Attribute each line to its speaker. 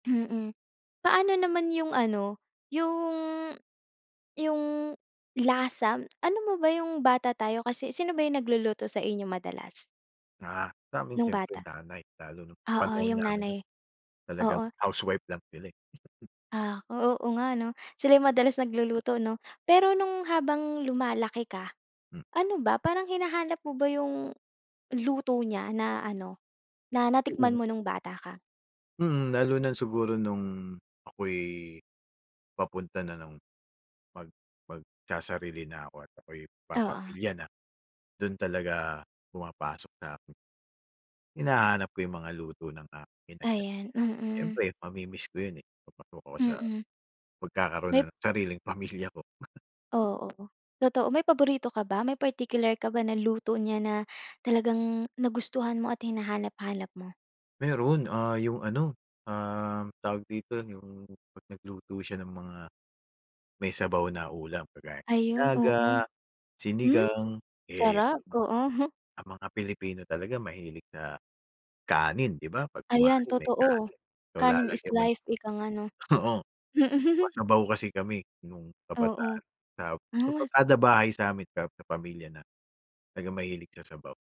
Speaker 1: Mm. Paano naman yung ano, yung yung lasa? Alam mo ba yung bata tayo, kasi sino ba yung nagluluto sa inyo madalas?
Speaker 2: Ah, sa'min
Speaker 1: Nung
Speaker 2: siyempre,
Speaker 1: bata?
Speaker 2: nanay. Lalo nung
Speaker 1: Oo,
Speaker 2: panahon
Speaker 1: yung
Speaker 2: namin ano,
Speaker 1: nanay
Speaker 2: talagang
Speaker 1: oo.
Speaker 2: housewife lang sila, eh.
Speaker 1: Ah, o, oo nga 'no. Sila yung madalas nagluluto 'no. Pero nung habang lumalaki ka,
Speaker 2: M
Speaker 1: ano ba, parang hinahanap mo ba yung luto niya na ano, na natikman
Speaker 2: Oo.
Speaker 1: mo nung bata ka?
Speaker 2: Mm, lalo na siguro nung ako'y, papunta na ng mag magsasarili na ako at ako'y
Speaker 1: Oo.
Speaker 2: papamilya na, dun talaga pumapasok na ako. Hinahanap ko yung mga luto ng aking inay, eh.
Speaker 1: Ayan, mm.
Speaker 2: Siyempre mamimiss ko yun, eh, kapag ako sa
Speaker 1: Mm.
Speaker 2: magkakaroon
Speaker 1: May
Speaker 2: na ng sariling pamilya ko.
Speaker 1: Oo, totoo. May paborito ka ba? May particular ka ba na luto niya na talagang nagustuhan mo at hinahanap-hanap mo?
Speaker 2: Meron. Ah, yung ano, um, tawag dito, yung 'pag nagluto siya ng mga may sabaw na ulam kagaya ng
Speaker 1: Ayun,
Speaker 2: nilaga,
Speaker 1: oo. Hmm,
Speaker 2: sinigang, eh.
Speaker 1: sarap, oo.
Speaker 2: Ang mga pilipino talaga mahilig na kanin, 'di ba? 'Pag
Speaker 1: Ayan,
Speaker 2: kumain, may
Speaker 1: totoo.
Speaker 2: kanin. So,
Speaker 1: Kanin is
Speaker 2: lalagyan mo ng
Speaker 1: life, ika nga 'no.
Speaker 2: oo,
Speaker 1: Hmm, mm.
Speaker 2: masabaw kasi kami nung
Speaker 1: Oo.
Speaker 2: kabataan
Speaker 1: As
Speaker 2: na bahay sa'min, pero may pamilya na, talagang mahilig sa sabaw.